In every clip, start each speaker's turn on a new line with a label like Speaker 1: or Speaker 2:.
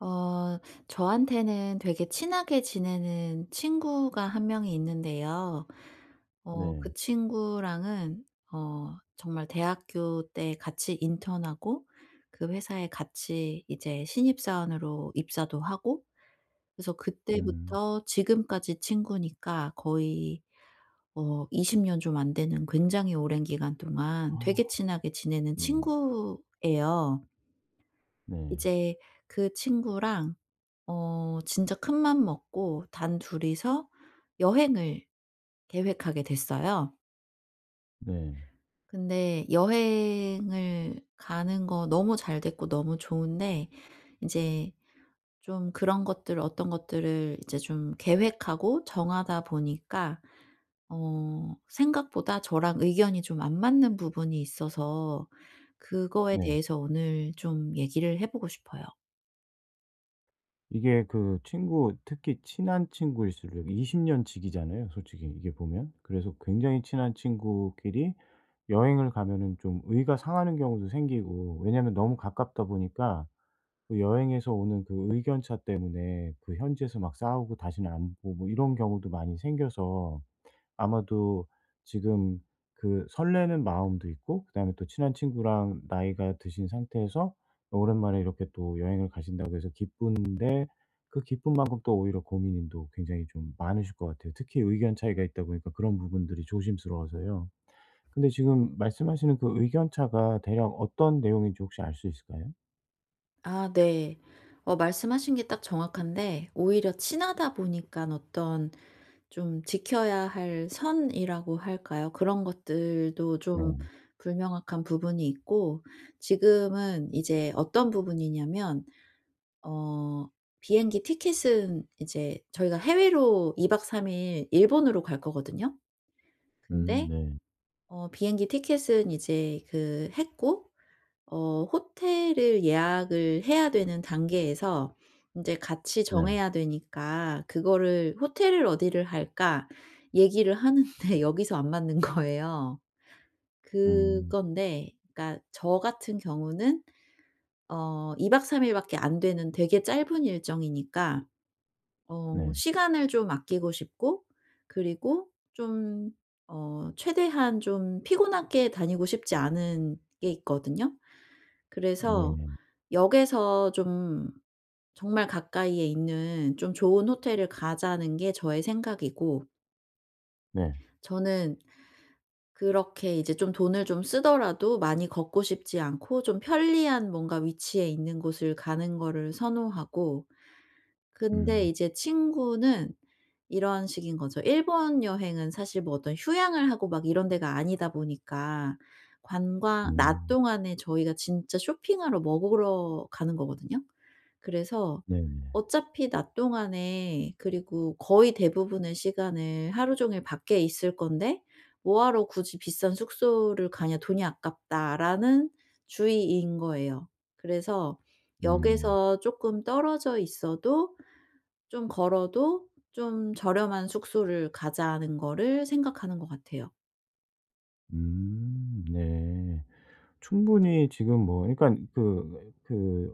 Speaker 1: 어. 저한테는 되게 친하게 지내는 친구가 1 명이 있는데요. 어
Speaker 2: 네.
Speaker 1: 그 친구랑은 어 정말 대학교 때 같이 인턴하고 그 회사에 같이 이제 신입 사원으로 입사도 하고 그래서
Speaker 2: 음.
Speaker 1: 그때부터 지금까지 친구니까 거의 어 20 년 좀 안 되는 굉장히 오랜 기간 동안
Speaker 2: 아.
Speaker 1: 되게 친하게 지내는
Speaker 2: 네.
Speaker 1: 친구예요.
Speaker 2: 네.
Speaker 1: 이제 그 친구랑 어 진짜 큰맘 먹고 단둘이서 여행을 계획하게 됐어요.
Speaker 2: 네.
Speaker 1: 근데 여행을 가는 거 너무 잘 됐고 너무 좋은데 인제 좀 그런 것들 어떤 것들을 이제 좀 계획하고 정하다 보니까 어 생각보다 저랑 의견이 좀 안 맞는 부분이 있어서 그거에
Speaker 2: 네.
Speaker 1: 대해서 오늘 좀 얘기를 해 보고 싶어요.
Speaker 2: 이게 그 친구 특히 친한 친구일수록 20 년 지기잖아요 솔직히 이게 보면? 그래서 굉장히 친한 친구끼리 여행을 가면은 좀 의가 상하는 경우도 생기고 왜냐하면 너무 가깝다 보니까 그 여행에서 오는 그 의견차 때문에 그 현지에서 막 싸우고 다시는 안 보고 뭐 이런 경우도 많이 생겨서 아마도 지금 그 설레는 마음도 있고 그다음에 또 친한 친구랑 나이가 드신 상태에서 오랜만에 이렇게 또 여행을 가신다고 해서 기쁜데 그 기쁨만큼 또 오히려 고민인 또 굉장히 좀 많으실 것 같아요. 특히 의견 차이가 있다 보니까 그런 부분들이 조심스러워서요. 근데 지금 말씀하시는 그 의견차가 대략 어떤 내용인지 혹시 알 수 있을까요?
Speaker 1: 아 네. 어 말씀하신 게 딱 정확한데 오히려 친하다 보니깐 어떤 좀 지켜야 할 선이라고 할까요? 그런 것들도 좀
Speaker 2: 네.
Speaker 1: 불명확한 부분이 있고 지금은 이제 어떤 부분이냐면 어 비행기 티켓은 이제 저희가 해외로 2 박 3 일 일본으로 갈 거거든요.
Speaker 2: 음
Speaker 1: 근데
Speaker 2: 네.
Speaker 1: 어 비행기 티켓은 이제 그 했고 어 호텔을 예약을 해야 되는 단계에서 인제 같이
Speaker 2: 네.
Speaker 1: 정해야 되니까 그거를 "호텔을 어디를 할까?" 얘기를 하는데 여기서 안 맞는 거예요.
Speaker 2: 음.
Speaker 1: 그건데 그러니까 저 같은 경우는 어 2 박 3 일밖에 안 되는 되게 짧은 일정이니까 어
Speaker 2: 네.
Speaker 1: 시간을 좀 아끼고 싶고 그리고 좀 어 최대한 좀 피곤하게 다니고 싶지 않은 게 있거든요. 그래서
Speaker 2: 네네.
Speaker 1: '역에서 좀 정말 가까이에 있는 좀 좋은 호텔을 가자.'는 게 저의 생각이고
Speaker 2: 네.
Speaker 1: 저는 그렇게 이제 좀 돈을 좀 쓰더라도 많이 걷고 싶지 않고 좀 편리한 뭔가 위치에 있는 곳을 가는 거를 선호하고. 근데
Speaker 2: 음.
Speaker 1: 이제 친구는 이런 식인 거죠. 일본 여행은 사실 뭐 어떤 휴양을 하고 막 이런 데가 아니다 보니까 관광 낮
Speaker 2: 음.
Speaker 1: 동안에 저희가 진짜 쇼핑하러, 먹으러 가는 거거든요. 그래서
Speaker 2: 네네.
Speaker 1: 어차피 낮 동안에 그리고 거의 대부분의 시간을 하루 종일 밖에 있을 건데 "뭐 하러 굳이 비싼 숙소를 가냐? 돈이 아깝다."라는 주의인 거예요. 그래서
Speaker 2: 음.
Speaker 1: 역에서 쪼끔 떨어져 있어도 좀 걸어도 '좀 저렴한 숙소를 가자.'는 거를 생각하는 것 같아요.
Speaker 2: 음 네. 충분히 지금 뭐 그러니깐 그 그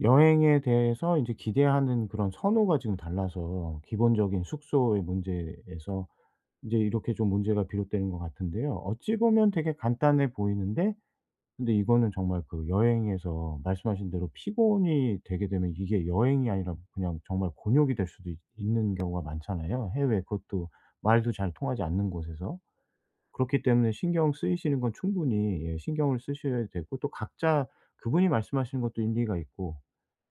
Speaker 2: 여행에 대해서 인제 기대하는 그런 선호가 지금 달라서 기본적인 숙소의 문제에서 인제 이렇게 좀 문제가 비롯되는 것 같은데요. 어찌 보면 되게 간단해 보이는데 근데 이거는 정말 그 여행에서 말씀하신 대로 피곤이 되게 되면 이게 여행이 아니라 그냥 정말 곤욕이 될 수도 있 있는 경우가 많잖아요. 해외 그것도 말도 잘 통하지 않는 곳에서? 그렇기 때문에 신경 쓰이시는 건 충분히 예 신경을 쓰셔야 되고 또 각자 그분이 말씀하시는 것도 일리가 있고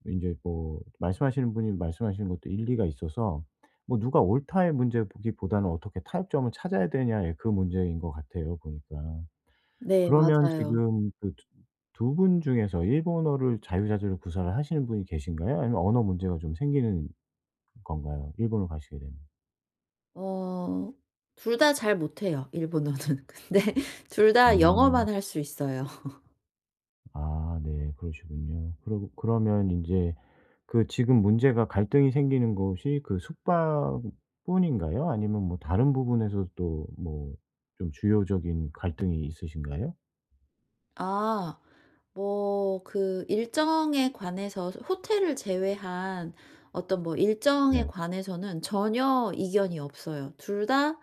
Speaker 2: 인제 뭐 말씀하시는 분이 말씀하시는 것도 일리가 있어서 뭐 "누가 옳다."의 문제로 보기보다는 "어떻게 타협점을 찾아야 되느냐."의 그 문제인 것 같아요 보니까.
Speaker 1: 네
Speaker 2: 그러면
Speaker 1: 맞아요.
Speaker 2: 지금 그 두 두 분 중에서 일본어를 자유자재로 구사를 하시는 분이 계신가요? 아니면 언어 문제가 좀 생기는 건가요, 일본으로 가시게 되면?
Speaker 1: 어. 2 다 잘 못해요 일본어는. 근데 2 다 영어만
Speaker 2: 음.
Speaker 1: 할 수 있어요.
Speaker 2: 아. 네 그러시군요. 그러고 그러면 인제 그 지금 문제가 갈등이 생기는 곳이 그 숙박뿐인가요? 아니면 뭐 다른 부분에서도 또 뭐 좀 주요적인 갈등이 있으신가요?
Speaker 1: 아. 뭐 그 일정에 관해서 호 호텔을 제외한 어떤 뭐 일정에
Speaker 2: 네.
Speaker 1: 관해서는 전혀 이견이 없어요. 2 다,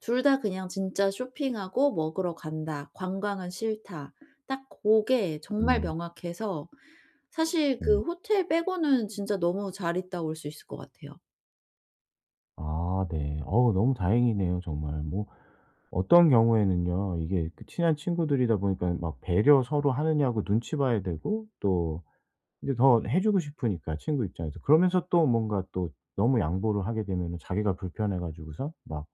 Speaker 1: 2 다 그냥 진짜 "쇼핑하고 먹으러 간다. 관광은 싫다." 딱 고게 정말
Speaker 2: 음.
Speaker 1: 명확해서 사실
Speaker 2: 네.
Speaker 1: 그 호텔 빼고는 진짜 너무 잘 있다 올 수 있을 것 같아요.
Speaker 2: 아 네. 어우 너무 다행이네요 정말. 뭐 어떤 경우에는요 이게 그 친한 친구들이다 보니까 막 배려 서로 하느냐고 눈치 봐야 되고 또 이제 더 해주고 싶으니까 친구 입장에서 그러면서 또 뭔가 또 너무 양보를 하게 되면은 자기가 불편해 가지고서 막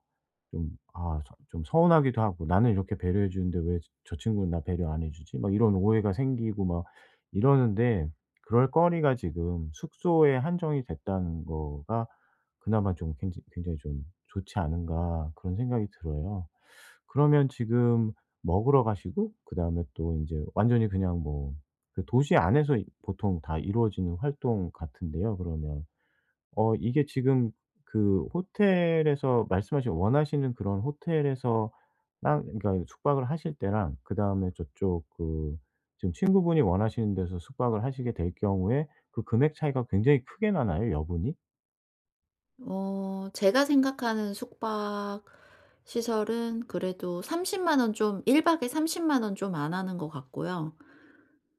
Speaker 2: 좀 아 좀 좀 서운하기도 하고 '나는 이렇게 배려해 주는데 왜 저 저 친구는 나 배려 안 해주지?' 막 이런 오해가 생기고 막 이러는데 그럴 거리가 지금 숙소에 한정이 됐다는 거가 '그나마 좀 굉장히 굉장히 좀 좋지 않은가?' 그런 생각이 들어요. 그러면 지금 먹으러 가시고 그다음에 또 인제 완전히 그냥 뭐 그 도시 안에서 이 보통 다 이루어지는 활동 같은데요 그러면. 어 이게 지금 그 호텔에서 말씀하신 원하시는 그런 호텔에서랑 그러니까 숙박을 하실 때랑 그다음에 저쪽 그 지금 친구분이 원하시는 데서 숙박을 하시게 될 경우에 그 금액 차이가 굉장히 크게 나나요? 여분이?
Speaker 1: 어 제가 생각하는 숙박 시설은 그래도 30 만원 좀 1 박에 30 만 원 좀 안 하는 것 같고요.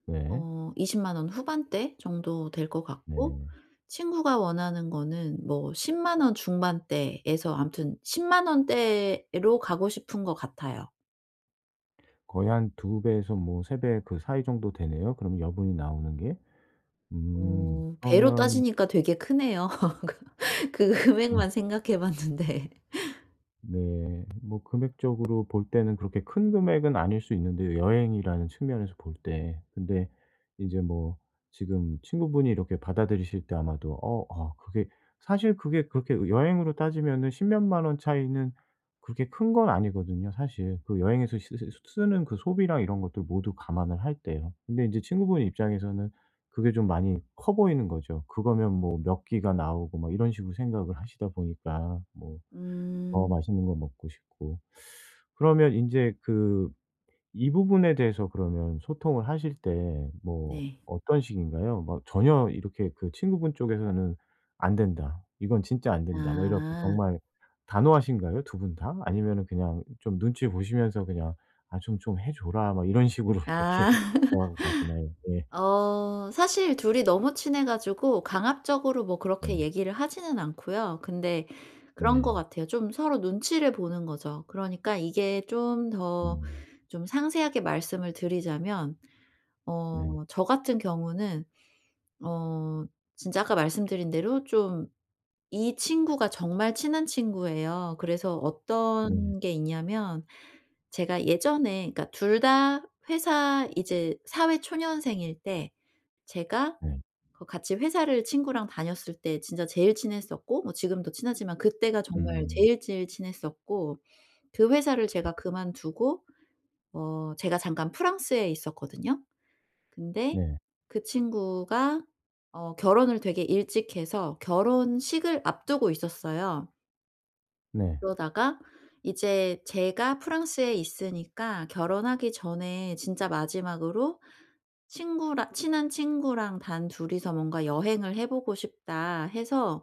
Speaker 2: 네.
Speaker 1: 어 20 만 원 후반대 정도 될 것 같고
Speaker 2: 네.
Speaker 1: 친구가 원하는 거는 뭐 10 만 원 중반대에서 아무튼 10 만 원대로 가고 싶은 것 같아요.
Speaker 2: 거의 한 2 배에서 뭐 3 배 그 사이 정도 되네요 그럼 여분이 나오는 게. 음.
Speaker 1: 어 배로
Speaker 2: 그러면
Speaker 1: 따지니까 되게 크네요. 그 그 금액만 생각해 봤는데.
Speaker 2: 네. 뭐 금액적으로 볼 때는 그렇게 큰 금액은 아닐 수 있는데요 여행이라는 측면에서 볼 때. 근데 이제 뭐 지금 친구분이 이렇게 받아들이실 때 아마도 어 아 그게 사실 그게 그렇게 여행으로 따지면은 10 몇 만 원 차이는 그렇게 큰 건 아니거든요 사실. 그 여행에서 씨쓸 쓰 쓰는 그 소비랑 이런 것들 모두 감안을 할 때요. 근데 이제 친구분 입장에서는 그게 좀 많이 커 보이는 거죠. 그거면 뭐 몇 끼가 나오고 뭐 이런 식으로 생각을 하시다 보니까. 뭐 더
Speaker 1: 음.
Speaker 2: 맛있는 거 먹고 싶고. 그러면 인제 그 이 부분에 대해서 그러면 소통을 하실 때 뭐
Speaker 1: 네.
Speaker 2: 어떤 식인가요? 뭐 전혀 이렇게 그 친구분 쪽에서는 '안 된다. 이건 진짜 안 된다.' 뭐 이래 갖고
Speaker 1: 아.
Speaker 2: 정말 단호하신가요 2 분 다? 아니면은 그냥 좀 눈치 보시면서 그냥 '아 좀 좀 해 줘라.' 뭐 이런 식으로 이렇게
Speaker 1: 아.
Speaker 2: 돌아가시나요? 네.
Speaker 1: 어 사실 둘이 너무 친해 가지고 강압적으로 뭐
Speaker 2: 네.
Speaker 1: 그렇게 얘기를 하지는 않고요. 근데 그런 것
Speaker 2: 네.
Speaker 1: 같아요. 좀 서로 눈치를 보는 거죠. 그러니까 이게 좀 더
Speaker 2: 음.
Speaker 1: 좀 상세하게 말씀을 드리자면
Speaker 2: 네.
Speaker 1: 어 저 같은 경우는 어 진짜 아까 말씀드린 대로 좀 이 친구가 정말 친한 친구예요. 그래서
Speaker 2: 네.
Speaker 1: 어떤 게 있냐면 제가 예전에 그러니까 2 다 회사 이제 사회 초년생일 때 제가
Speaker 2: 네.
Speaker 1: 그 같이 회사를 친구랑 다녔을 때 진짜 제일 친했었고 뭐 지금도 친하지만 그때가 정말
Speaker 2: 음.
Speaker 1: 제일, 제일 친했었고 그 회사를
Speaker 2: 네.
Speaker 1: 제가 그만두고 어 제가 잠깐 프랑스에 있었거든요. 근데
Speaker 2: 네.
Speaker 1: 그 친구가 어 결혼을 되게 일찍 해서 결혼식을 앞두고 있었어요.
Speaker 2: 네.
Speaker 1: 그러다가 이제 제가 프랑스에 있으니까 "결혼하기 전에 진짜 마지막으로 친구라 친한 친구랑 단 2 이서 뭔가 여행을 해 보고 싶다." 해서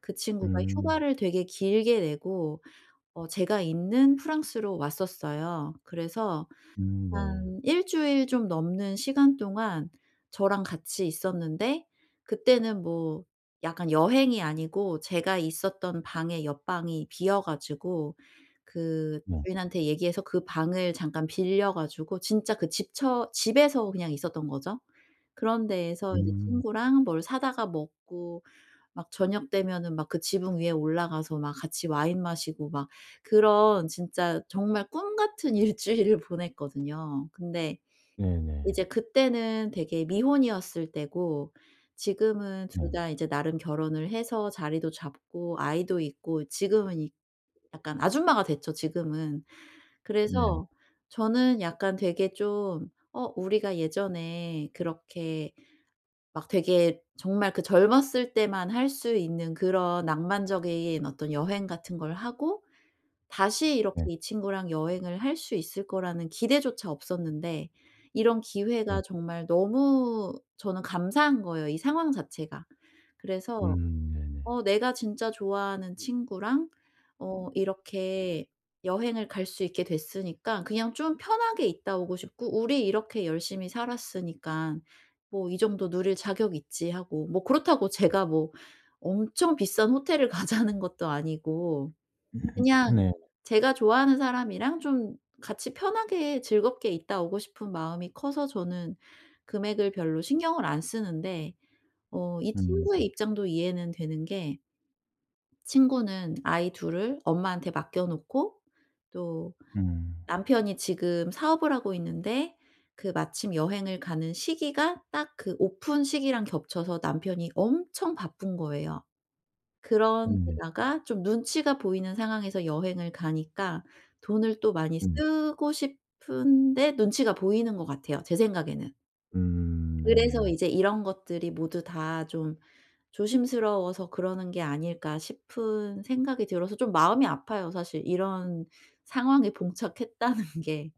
Speaker 1: 그 친구가
Speaker 2: 음.
Speaker 1: 휴가를 되게 길게 내고 어 제가 있는 프랑스로 왔었어요. 그래서
Speaker 2: 음 네.
Speaker 1: 한 1 주일 좀 넘는 시간 동안 저랑 같이 있었는데 그때는 뭐 약간 여행이 아니고 제가 있었던 방에 옆 방이 비어 가지고 그
Speaker 2: 네.
Speaker 1: 주인한테 얘기해서 그 방을 잠깐 빌려 가지고 진짜 그 집처 집에서 그냥 있었던 거죠. 그런 데에서 인제
Speaker 2: 음.
Speaker 1: 친구랑 뭘 사다가 먹고 막 저녁 되면은 막 그 지붕 위에 올라가서 막 같이 와인 마시고 막 그런 진짜 정말 꿈 같은 1 주일을 보냈거든요. 근데
Speaker 2: 네네.
Speaker 1: 이제 그때는 되게 미혼이었을 때고 지금은
Speaker 2: 네.
Speaker 1: 2 다 이제 나름 결혼을 해서 자리도 잡고 아이도 있고 지금은 이 약간 아줌마가 됐죠 지금은.
Speaker 2: 네.
Speaker 1: 그래서 저는 약간 되게 좀 어 우리가 예전에 그렇게 막 되게 정말 그 젊었을 때만 할 수 있는 그런 낭만적인 어떤 여행 같은 걸 하고 다시 이렇게
Speaker 2: 네.
Speaker 1: 이 친구랑 여행을 할 수 있을 거라는 기대조차 없었는데 이런
Speaker 2: 네.
Speaker 1: 기회가 정말 너무 저는 감사한 거예요, 이 상황 자체가. 그래서
Speaker 2: 음 네네.
Speaker 1: "어 내가 진짜 좋아하는 친구랑 어 이렇게 여행을 갈 수 있게 됐으니까 그냥 좀 편하게 있다 오고 싶고 우리 이렇게 열심히 살았으니깐 뭐 이 정도 누릴 자격 있지 하고." 뭐 그렇다고 제가 뭐 엄청 비싼 호텔을 가자는 것도 아니고 그냥
Speaker 2: 네.
Speaker 1: 제가 좋아하는 사람이랑 좀 같이 편하게 즐겁게 있다 오고 싶은 마음이 커서 저는 금액을 별로 신경을 안 쓰는데 어 이
Speaker 2: 음
Speaker 1: 친구의
Speaker 2: 음.
Speaker 1: 입장도 이해는 되는 게 친구는 아이 2 을 엄마한테 맡겨 놓고 또
Speaker 2: 음.
Speaker 1: 남편이 지금 사업을 하고 있는데 그 마침 여행을 가는 시기가 딱 그 오픈 시기랑 겹쳐서 남편이 엄청 바쁜 거예요. 그런
Speaker 2: 네.
Speaker 1: 데다가 좀 눈치가 보이는 상황에서 여행을 가니까 돈을 또 많이
Speaker 2: 네.
Speaker 1: 쓰고 싶은데 눈치가 보이는 것 같아요 제 생각에는.
Speaker 2: 음.
Speaker 1: 그래서
Speaker 2: 네네.
Speaker 1: 이제 '이런 것들이 모두 다 좀 조심스러워서 그러는 게 아닐까?' 싶은 생각이 들어서 좀 마음이 아파요 사실 이런 상황에 봉착했다는 게.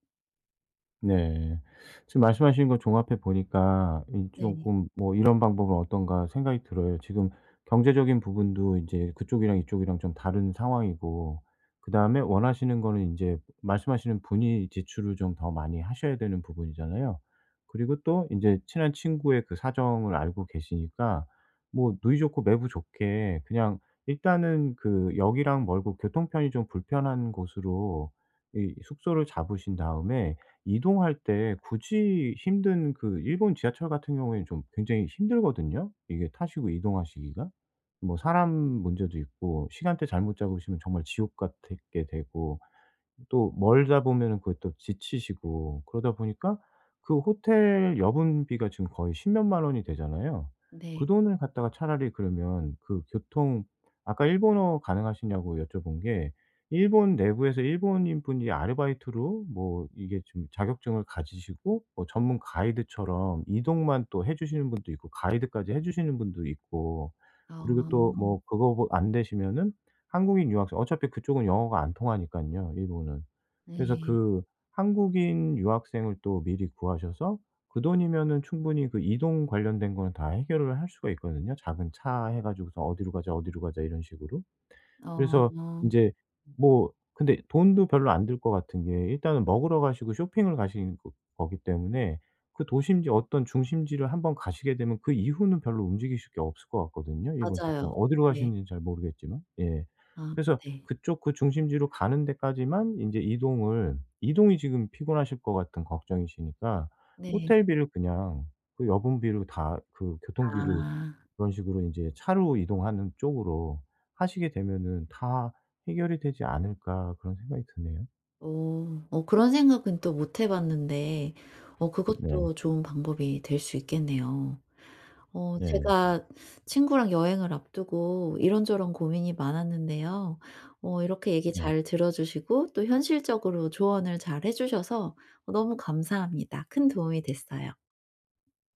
Speaker 2: 네. 지금 말씀하신 거 종합해 보니까 이
Speaker 1: 네.
Speaker 2: 쪼금 뭐 이런 방법은 어떤가 생각이 들어요. 지금 경제적인 부분도 인제 그쪽이랑 이쪽이랑 좀 다른 상황이고 그다음에 원하시는 거는 인제 말씀하시는 분이 지출을 좀 더 많이 하셔야 되는 부분이잖아요. 그리고 또 인제 친한 친구의 그 사정을 알고 계시니까 뭐 누이 좋고 매부 좋게 그냥 일단은 그 역이랑 멀고 교통편이 좀 불편한 곳으로 이 숙소를 잡으신 다음에 이동할 때 굳이 힘든 그 일본 지하철 같은 경우엔 좀 굉장히 힘들거든요 이게 타시고 이동하시기가. 뭐 사람 문제도 있고 시간대 잘못 잡으시면 정말 지옥 같애 게 되고 또 멀다 보면은 그 또 지치시고 그러다 보니까 그 호텔 여분 비가 지금 거의 10 몇 만 원이 되잖아요. 그
Speaker 1: 네.
Speaker 2: 돈을 갖다가 차라리 그러면 그 교통 아까 일본어 가능하시냐고 여쭤본 게 일본 내부에서 일본인 분이 아르바이트로 뭐 이게 좀 자격증을 가지시고 뭐 전문 가이드처럼 이동만 또 해 주시는 분도 있고 가이드까지 해 주시는 분도 있고
Speaker 1: 아.
Speaker 2: 그리고 또 뭐 그거 뭐 안 되시면은 한국인 유학생 어차피 그쪽은 영어가 안 통하니깐요 일본은. 그래서
Speaker 1: 네.
Speaker 2: 그 한국인 유학생을 또 미리 구하셔서 그 돈이면은 충분히 그 이동 관련된 거는 다 해결을 할 수가 있거든요, 작은 차 해 가지고서 "어디로 가자. 어디로 가자." 이런 식으로. 그래서
Speaker 1: 어.
Speaker 2: 인제 뭐 근데 돈도 별로 안 들 것 같은 게 일단은 먹으러 가시고 쇼핑을 가시는 그 거기 때문에 그 도심지 어떤 중심지를 한번 가시게 되면 그 이후는 별로 움직이실 게 없을 것 같거든요, 일본
Speaker 1: 맞아요.
Speaker 2: 특성 어디로
Speaker 1: 네.
Speaker 2: 가시는진 잘 모르겠지만 예
Speaker 1: 아
Speaker 2: 그래서
Speaker 1: 네.
Speaker 2: 그쪽 그 중심지로 가는 데까지만 인제 이동을 이동이 지금 피곤하실 것 같은 걱정이시니까
Speaker 1: 네.
Speaker 2: '호텔비를 그냥 그 여분 비로 다 그 교통비를
Speaker 1: 아.
Speaker 2: 그런 식으로 인제 차로 이동하는 쪽으로 하시게 되면은 다 해결이 되지 않을까?' 그런 생각이 드네요.
Speaker 1: 어. 어 그런 생각은 또 못 해 봤는데 어
Speaker 2: 네.
Speaker 1: 그것도 좋은 방법이 될 수 있겠네요. 어
Speaker 2: 네.
Speaker 1: 제가 친구랑 여행을 앞두고 이런저런 고민이 많았는데요. 어 이렇게 얘기
Speaker 2: 네.
Speaker 1: 잘 들어주시고 또 현실적으로 조언을 잘 해 주셔서 너무 감사합니다. 큰 도움이 됐어요.